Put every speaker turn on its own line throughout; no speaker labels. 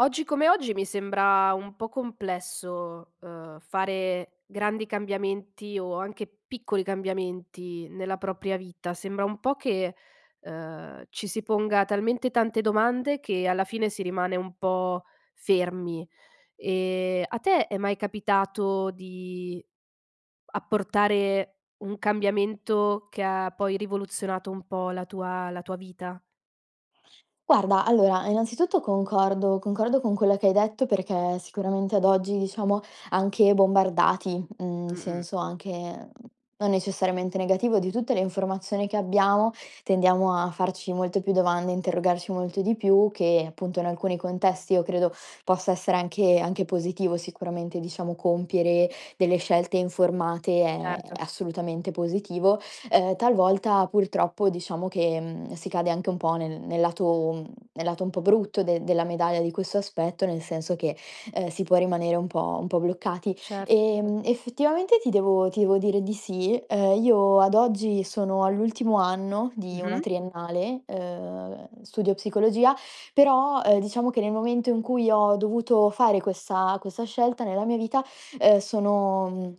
Oggi come oggi mi sembra un po' complesso, uhm, fare grandi cambiamenti o anche piccoli cambiamenti nella propria vita, sembra un po' che, uhm, ci si ponga talmente tante domande che alla fine si rimane un po' fermi. Ehm, a te è mai capitato di apportare un cambiamento che ha poi rivoluzionato un po' la tua la tua vita?
Guarda, allora innanzitutto concordo concordo con quella che hai detto, perché sicuramente ad oggi, diciamo, anche bombardati, mhmm, in
Mh-mh.
senso anche, non necessariamente negativo, di tutte le informazioni che abbiamo, tendiamo a farci molte più domande, a interrogarci molto di più che, appunto, in alcuni contesti io credo possa essere anche anche positivo sicuramente, diciamo, compiere delle scelte informate, è
Certo.
assolutamente positivo. Uhm, talvolta purtroppo, diciamo, che, mhmm, si cade anche un po' nel nel lato mhmm, nel lato un po' brutto de della medaglia di questo aspetto, nel senso che, uhm, si può rimanere un po' un po' bloccati.
Cer
Ehm, effettivamente ti devo ti devo dire di sì. Uhm, io ad oggi sono all'ultimo anno di una
Mh-mh.
triennale, uhm, studio psicologia però, ehm, diciamo che nel momento in cui ho dovuto fare questa- questa scelta nella mia vita, uhm, sono mhmm,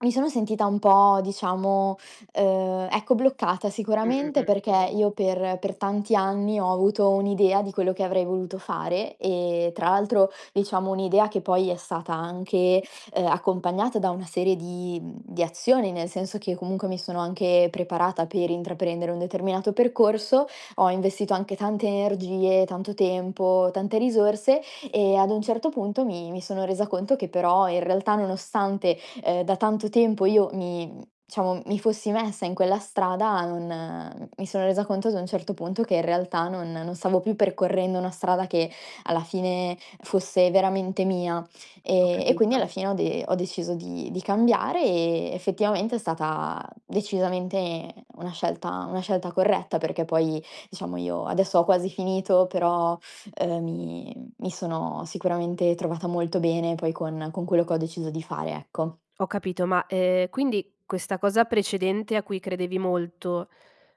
mi sono sentita un po' diciamo, uhm, ecco, bloccata
Mh, mh,
sicuramente,
mh.
perché io per per tanti anni ho avuto un'idea di quello che avrei voluto fare e, tra l'altro diciamo un'idea che poi è stata anche, uhm, accompagnata da una serie di mhmm, di azioni, nel senso che comunque mi sono anche preparata per intraprendere un determinato percorso, ho investito anche tante energie, tanto tempo, tante risorse e ad un certo punto mi mi sono resa conto che però, in realtà, nonostante, ehm, da tanto tempo io mi diciamo, mi fossi messa in quella strada, non mi sono resa conto ad un certo punto che in realtà non non stavo più percorrendo una strada che alla fine fosse veramente mia.
Ho
Ehm, e quindi
capito.
alla fine ho de ho deciso di di cambiare, e effettivamente è stata decisamente una scelta una scelta corretta, perché poi, diciamo, io adesso ho quasi finito, però, uhm, mi mi sono sicuramente trovata molto bene poi con con quello che ho deciso di fare, ecco.
Ho capito ma, ehm, quindi questa cosa precedente a cui credevi molto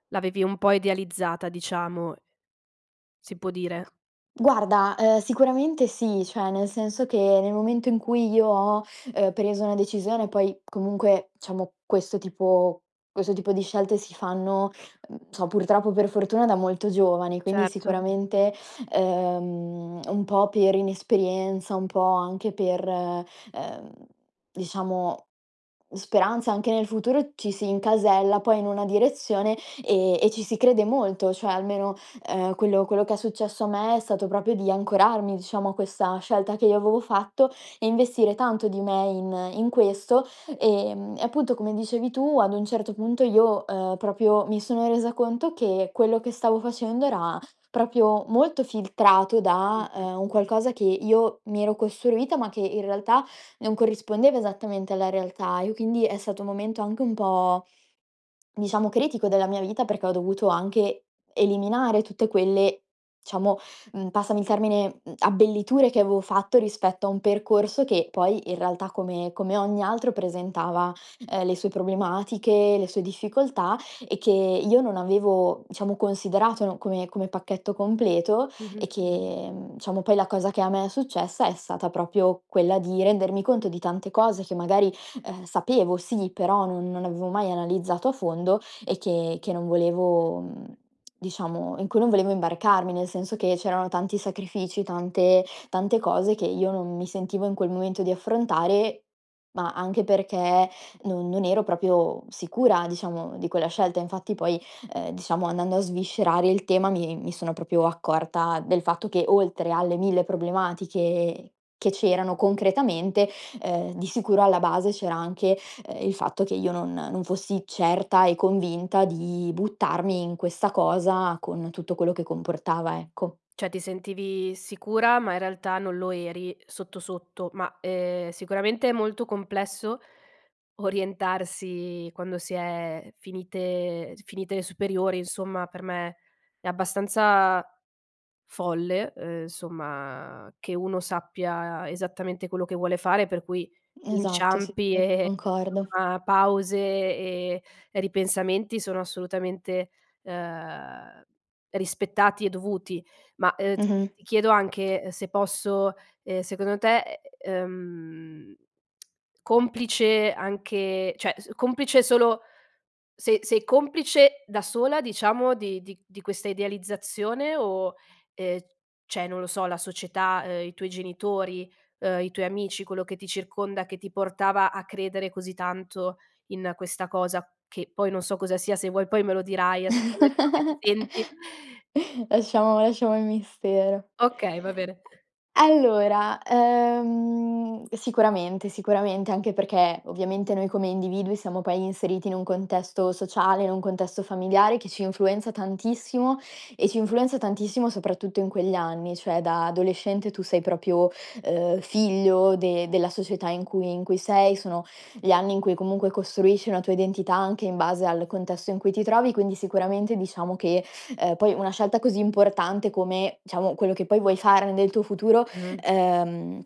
l'avevi un po' idealizzata, diciamo si può dire?
Guarda, ehm, sicuramente sì. Cioè, nel senso che nel momento in cui io ho, uhm, preso una decisione poi comunque, diciamo, questo tipo questo tipo di scelte si fanno, mhmm, so purtroppo per fortuna da molto giovani, quindi
Certo.
sicuramente, ehm, un po' per inesperienza, un po' anche per, ehm, diciamo, speranza anche nel futuro ci si incasella poi in una direzione, ehm, e ci si crede molto, cioè almeno, ehm, quello quello che è successo a me è stato proprio di ancorarmi, diciamo, a questa scelta che io avevo fatto e investire tanto di me in in questo. Ehm, e appunto, come dicevi tu, ad un certo punto io, uhm, proprio mi sono resa conto che quello che stavo facendo era, proprio, molto filtrato da,
Mh-mh.
ehm, un qualcosa che io mi ero costruita, ma che in realtà non corrispondeva esattamente alla realtà, e quindi è stato un momento anche un po', diciamo, critico della mia vita perché ho dovuto anche eliminare tutte quelle diciamo, mhmm, passami il termine, mhmm, abbelliture che avevo fatto rispetto a un percorso che poi, in realtà, come come ogni altro presentava, ehm, le sue problematiche, le sue difficoltà e che io non avevo, diciamo, considerato, no, come come pacchetto completo e
Mh-mh.
che, mhmm, diciamo poi la cosa che a me è successa è stata proprio quella di rendermi conto di tante cose che magari, ehm, sapevo sì, però non non avevo mai analizzato a fondo e che che non volevo mhmm, diciamo, in cui non volevo imbarcarmi, nel senso che c'erano tanti sacrifici, tante tante cose che io non mi sentivo in quel momento di affrontare, ma anche perché non non ero proprio sicura, diciamo, di quella scelta. Infatti poi, ehm, diciamo andando a sviscerare il tema, mi mi sono proprio accorta del fatto che, oltre alle mille problematiche che c'erano concretamente, ehm, di sicuro alla base c'era anche, ehm, il fatto che io non non fossi certa e convinta di buttarmi in questa cosa con tutto quello che comportava, ecco.
Cioè, ti sentivi sicura, ma in realtà non lo eri, uhm, sotto, sotto. Ma, ehm, sicuramente è molto complesso orientarsi quando si è finite eg finite e superiori, insomma. Per me è abbastanza folle, uhm, somma, che uno sappia esattamente quello che vuole fare, per cui
Esatto, sì
inciampi e
[unintelligible]
e e,
concordo.
somma, pause e ripensamenti sono assolutamente, ehm, rispettati e dovuti. Ma, uhm, t
Mh-mh.
ti chiedo anche, uhm, se posso, ehm, secondo te, ehm, complice anche cioè, s complice solo sei sei complice da sola, diciamo, di di di questa idealizzazione? O, ehm, cioè non lo so, la società, ehm, i tuoi genitori, uhm, i tuoi amici quello che ti circonda che ti portava a credere così tanto in questa cosa? Che, poi non so cosa sia, se vuoi poi me lo dirai as come come ti senti
Lasciamo lasciamo il mistero.
Okay, va bene.
Allora, ehm, sicuramente, sicuramente anche perchè ovviamente noi come individui siamo poi inseriti in un contesto sociale, in un contesto familiare che ci influenza tantissimo e ci influenza tantissimo soprattutto in quegli anni, cioè da adolescente tu sei proprio, uhm, figlio de della società in cui in cui sei, sono gli anni in cui comunque costruisci una tua identità anche in base al contesto in cui ti trovi, quindi sicuramente diciamo che ehm, poi una scelta così importante come, diciamo, quello che poi vuoi fare nel tuo futuro,
Mh.
ehm,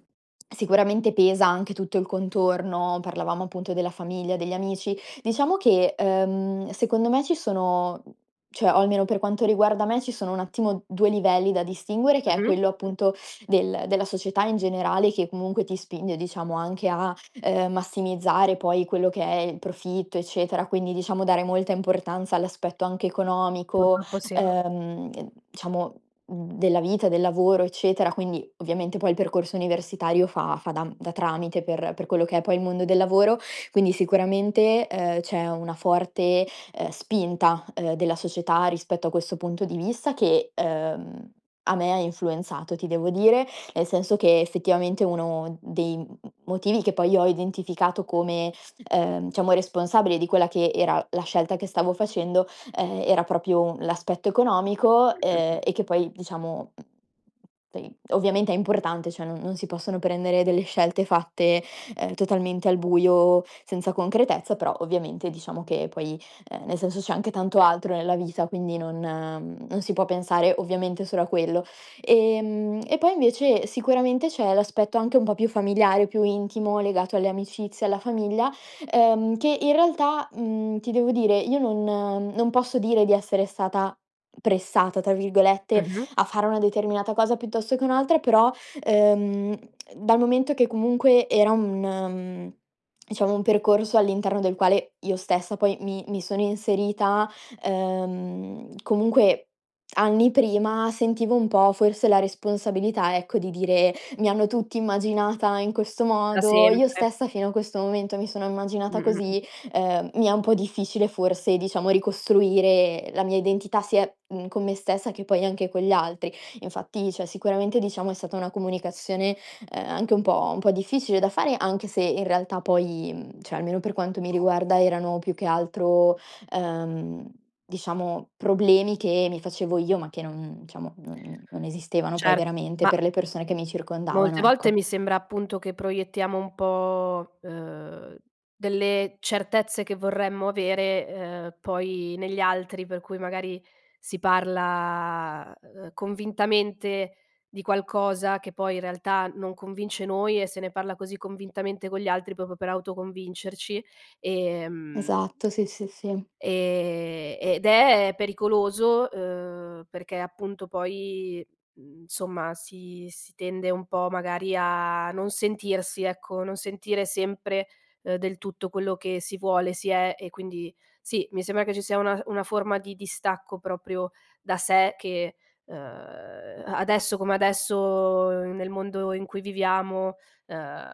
sicuramente pesa anche tutto il contorno: parlavamo, appunto, della famiglia, degli amici. Diciamo che, ehm, secondo me ci sono cioè, o almeno per quanto riguarda me, ci sono un attimo 2 livelli da distinguere, che è
Mh-mh.
quello, appunto, del della società in generale che comunque ti spinge, diciamo, anche a, ehm, massimizzare poi quello che è il profitto, eccetera, quindi, diciamo, dare molta importanza all'aspetto anche economico,
Purtroppo sì.
ehm, [unintelligible] diciamo, mhmm, della vita, del lavoro, eccetera; quindi, ovviamente poi il percorso universitario fa fa da m da tramite per per quello che è poi il mondo del lavoro. Quindi, sicuramente, ehm, c'è una forte, ehm, spinta, ehm, della società rispetto a questo punto di vista che, ehm, a me ha influenzato ti devo dire, nel senso che effettivamente uno dei m m motivi che poi ho identificato come, ehm, diciamo responsabile di quella che era la scelta che stavo facendo, ehm, era proprio u l'aspetto economico,
Mh, mh, mh.
ehm, e che poi diciamo ...tei ovviamente è importante. Cioè, non non si possono prendere delle scelte fatte, ehm, totalmente al buio senza concretezza, però ovviamente, diciamo, che poi, ehm, nel senso c'è anche tanto altro nella vita quindi non mhmm, non si può pensare ovviamente solo a quello. Ehm, e poi invece sicuramente c'è l'aspetto anche un po' più familiare, più intimo legato alle amicizie e alla famiglia, ehm, che in realtà, mhmm, ti devo dire io non non posso dire di essere stata "pressata", tra virgolette,
Mh-mh.
a fare una determinata cosa piuttosto che un'altra però, ehm, dal momento che comunque era un mhmm, diciamo un percorso all'interno del quale io stessa poi mi mi sono inserita, ehm, comunque anni prima sentivo un po' forse la responsabilità, ecco, di dire: "Mi hanno tutti immaginata in questo
Da
modo, io
sempre.
stessa fino a questo momento mi sono immaginata
Mh, mh, mh.
così, ehm, mi è un po' difficile forse, diciamo, ricostruire la mia identità sia, mhmm, con me stessa che poi anche con gli altri." Infatti cioè, sicuramente diciamo è stata una comunicazione, ehm, anche un po' un po' difficile da fare, anche se in realtà poi, mhmm, cioè, almeno per quanto mi riguarda erano più che altro, ehm, diciamo problemi che mi facevo io ma che non diciamo, non non esistevano poi
Certo.
veramente
Ma
per le persone che mi
Molte
circondavano,
volte
ecco.
mi sembra, appunto, che proiettiamo un po', uhm, delle certezze che vorremmo avere, ehm, poi negli altri per cui magari si parla, uhm, convintamente di qualcosa che poi, in realtà, non convince noi e se ne parla così convintamente con gli altri proprio per autoconvincerci, ehm
Esatto, sì, sì, sì.
ehm, ed è pericoloso, uhm, perché appunto poi, mhmm, somma si si tende un po' magari a non sentirsi, ecco, non sentire sempre, uhm, del tutto quello che si vuole, si è. E quindi sì, mi sembra che ci sia una uhm, una forma di distacco proprio da sé che, uhm, a adesso come adesso, uhm, nel mondo in cui viviamo, uhm,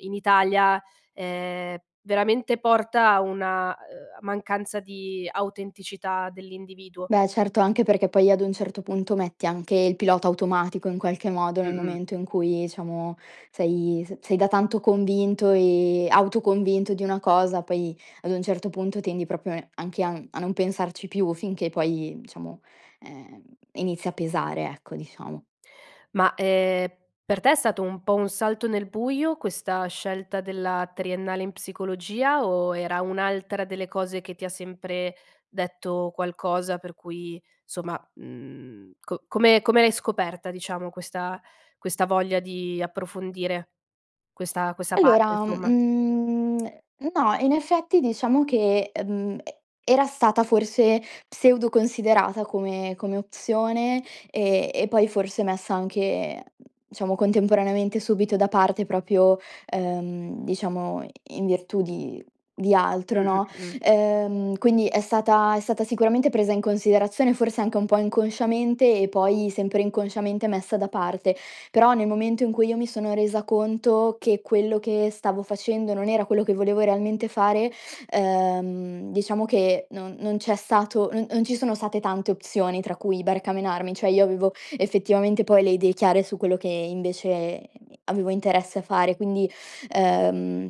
in Italia, ehm, veramente porta a una a ehm, mancanza di autenticità dell'individuo.
Beh, certo. Anche perché poi, ad un certo punto, metti anche il pilota automatico in qualche modo nel
Mh-mh.
momento in cui, diciamo, sei s sei da tanto convinto e autoconvinto di una cosa poi, ad un certo punto, tendi proprio e anche a n a non pensarci più finché poi, diciamo, ehm, inizia a pesare, ecco, diciamo.
Ma, ehm, per te è stato un po' un salto nel buio questa scelta della triennale in psicologia o era un'altra delle cose che ti ha sempre detto qualcosa per cui somma, mhmm, co come come l'hai scoperta, diciamo, questa questa voglia di approfondire questa questa parte,
Allora,
insomma?
mhmm, no. In effetti, diciamo che, ehm, e era stata forse pseudo considerata come come opzione, e e poi forse messa anche diciamo contemporaneamente subito da parte proprio, ehm, diciamo i in virtù di di altro,
Mh-mh,
no,
mh-mh.
ehm, quindi è stata è stata sicuramente presa in considerazione forse anche un po' inconsciamente e poi sempre inconsciamente messa da parte. Però, nel momento in cui io mi sono resa conto che quello che stavo facendo non era quello che volevo realmente fare, ehm, diciamo che non non c'è stato non non ci sono state tante opzioni tra cui barcamenarmi; cioè, io avevo effettivamente poi le idee chiare su quello che invece avevo interesse a fare. Quindi, ehm,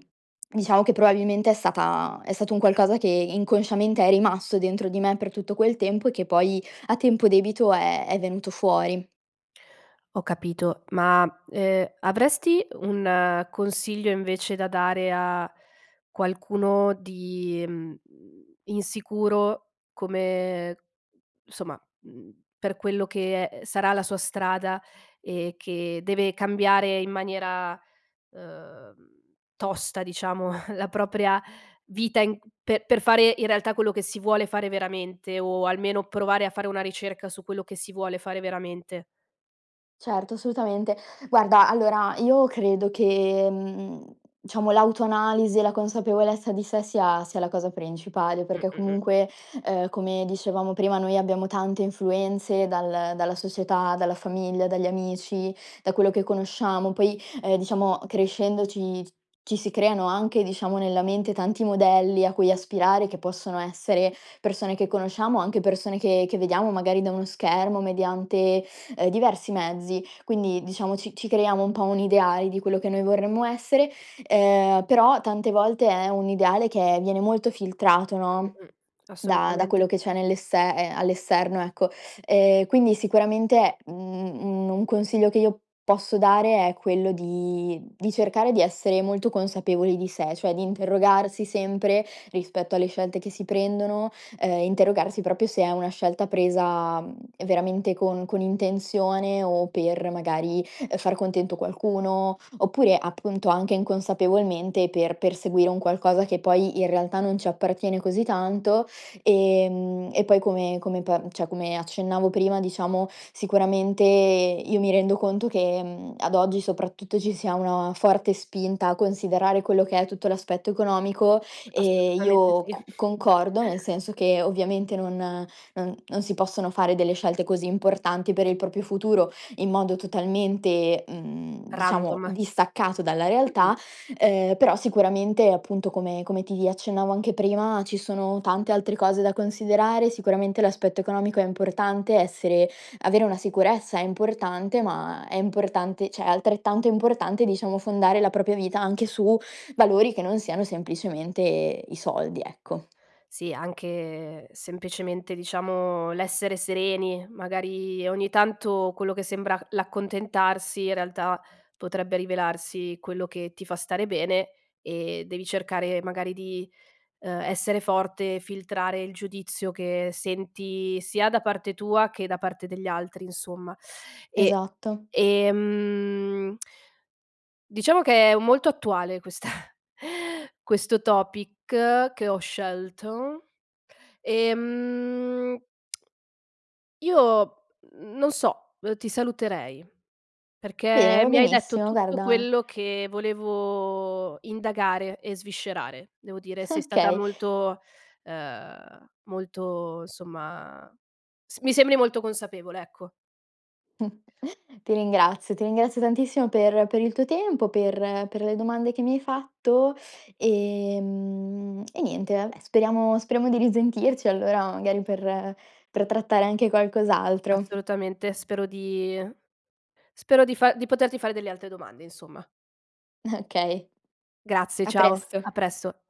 diciamo che probabilmente è stata è stato un qualcosa che inconsciamente è rimasto dentro di me per tutto quel tempo, e che poi a tempo debito è è venuto fuori.
Ho capito. Ma, ehm, avresti un consiglio invece da dare a qualcuno di, mhmm, insicuro come somma, mhmm, per quello che, ehm, sarà la sua strada e che deve cambiare in maniera, uhm, tosta diciamo la propria vita in pe per fare in realtà quello che si vuole fare veramente, o almeno provare a fare una ricerca su quello che si vuole fare veramente?
Certo, assolutamente. Guarda, allora io credo che, mhmm, diciamo l'autoanalisi e la consapevolezza di sé sia sia la cosa principale,
Mh,
perché
mh, mh.
comunque, ehm, come dicevamo prima, noi abbiamo tante influenze dal dalla società, dalla famiglia, dagli amici, da quello che conosciamo. Poi, ehm, diciamo crescendo ci ci si creano anche, diciamo, nella mente tanti modelli a cui aspirare che possono essere persone che conosciamo, anche persone che che vediamo magari da uno schermo mediante, ehm, diversi mezzi. Quindi, diciamo, ci ci creiamo un po' un ideale di quello che noi vorremmo essere, ehm, però tante volte è un ideale che viene molto filtrato,
Mh,
no,
mh, mh,
da da
assolutamente.
quello che c'è nell'esse ehm, all'esterno, ecco. Ehm, quindi sicuramente, mhmm, un un consiglio che io posso dare è quello di di cercare di essere molto consapevoli di sé, cioè di interrogarsi sempre rispetto alle scelte che si prendono, ehm, interrogarsi proprio se è una scelta presa, mhmm, ehm, veramente con con intenzione o per, magari, ehm, far contento qualcuno oppure, appunto, anche inconsapevolmente, per perseguire un qualcosa che poi in realtà non ci appartiene così tanto. Ehm, e poi come come pa cioè, accennavo prima, diciamo, sicuramente io mi rendo conto che, mhmm, ad oggi soprattutto ci sia una forte spinta a considerare quello che è tutto l'aspetto economico e
Assolutamente
io
sì.
cu concordo, nel senso che ovviamente non non non si possono fare delle scelte così importanti per il proprio futuro in modo totalmente, mhmm, diciamo
Random.
distaccato dalla
Mh-mh.
realtà, ehm, però sicuramente, appunto, come come ti accennavo anche prima, ci sono tante altre cose da considerare: sicuramente l'aspetto economico è importante, essere avere una sicurezza è importante, ma è importante cioè, è altrettanto importante, diciamo, fondare la propria vita anche su valori che non siano semplicemente i soldi, ecco.
Sì, anche semplicemente, diciamo, l'essere sereni. Magari, ogni tanto quello che sembra c l'accontentarsi in realtà potrebbe rivelarsi quello che ti fa stare bene e devi cercare magari di, uhm, essere forte, filtrare il giudizio che senti sia da parte tua che da parte degli altri, insomma. E,
Esatto.
ehm diciamo che è u molto attuale questa questo topic che ho scelto. Ehm Io, mhmm, non so, ehm, ti saluterei
Va bene,
perché
va
mi hai detto
benissimo,
tutto
guarda
quello che volevo indagare e sviscerare. Devo dire sei stata
Okay.
molto ehm, molto insomma, s mi sembri molto consapevole, ecco.
Ti ringrazio, ti ringrazio tantissimo per per il tuo tempo, per per le domande che mi hai fatto, ehm, e niente vabbè speriamo speriamo di risentirci allora, magari, per per trattare anche qualcos'altro.
Assolutamente spero di spero di fa di poterti fare delle altre domande, insomma.
Okay.
Grazie,
A
ciao. A
presto!
presso!